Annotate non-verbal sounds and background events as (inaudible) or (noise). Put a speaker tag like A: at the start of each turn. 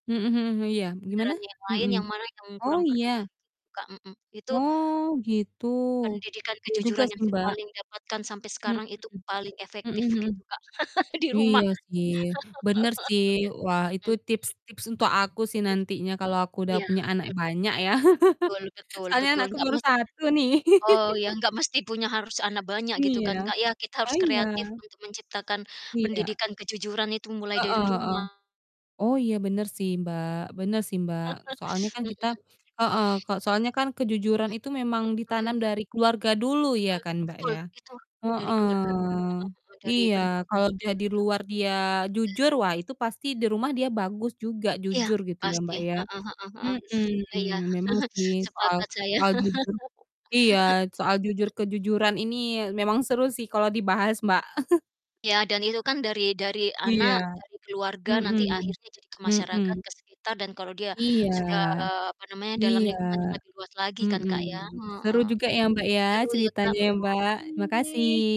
A: Mhm mhm, iya, gimana?
B: Saudaranya yang lain
A: Mhm,
B: yang mana yang
A: oh
B: kurang perduli
A: iya?
B: gitu, Kak, mmm. Itu
A: Oh gitu.
B: pendidikan
A: Iya juga
B: kejujuran yang
A: sih,
B: saya
A: Mbak.
B: paling dapatkan sampai
A: Mhm
B: sekarang itu, paling
A: mhm,
B: efektif
A: mhm mhm.
B: gitu, Kak, (chuckles) di
A: Iya
B: rumah.
A: sih bener sih. Wah itu
B: (laughs) Mmm.
A: tips-tips untuk aku sih nantinya kalau aku
B: Mmm.
A: udah
B: Iya,
A: punya anak
B: betul.
A: banyak ya.
B: Betul
A: (chuckles)
B: betul
A: Soalnya
B: betul,
A: anakku
B: nggak
A: baru
B: masalah.
A: 1 nih.
B: Oh iya,
A: (laughs)
B: nggak mesti punya harus anak banyak gitu kan,
A: Iya,
B: Kak, ya. Kita
A: oh
B: harus
A: iya.
B: kreatif untuk menciptakan
A: Iya.
B: pendidikan kejujuran itu mulai
A: Heeh
B: dari
A: heeh.
B: rumah.
A: Oh iya bener sih, Mbak bener sih, Mbak. Soalnya
B: (chuckles)
A: kan
B: Mhm.
A: kita heeh kalau
B: Mhm,
A: soalnya kan kejujuran itu memang
B: mhm
A: ditanam
B: mhm.
A: dari keluarga dulu ya
B: Hmm,
A: kan, Mbak,
B: betul,
A: ya.
B: itu dari
A: Heeh.
B: keluarga dulu, heeh heeh, dari
A: Iya,
B: pendidikan
A: kalau
B: di
A: udah di
B: keluarga,
A: luar dia
B: bener.
A: jujur, wah itu pasti di rumah dia bagus juga,
B: Iya,
A: jujur gitu ya,
B: pasti,
A: Mbak, ya,
B: heeh heeh heeh.
A: mhm.
B: Iya,
A: Memang
B: (chuckles)
A: sih soal
B: sepakat saya.
A: soal jujur
B: (laughs)
A: iya soal jujur kejujuran ini memang seru sih kalau dibahas, Mbak. (chuckles)
B: Ya dan itu kan dari dari
A: Iya.
B: anak, dari keluarga nanti
A: Mhm,
B: akhirnya jadi ke masyarakat,
A: mhm.
B: ke sekitar dan kalau dia
A: Iya.
B: sudah, apa namanya, dalam
A: Iya.
B: lingkungan yang lebih luas lagi kan,
A: Mmm.
B: Kak, ya,
A: Seru
B: heeh.
A: juga ya, Mbak, ya
B: Seru ya, Kak,
A: ceritanya ya, Mbak. Makasih.
B: makasih.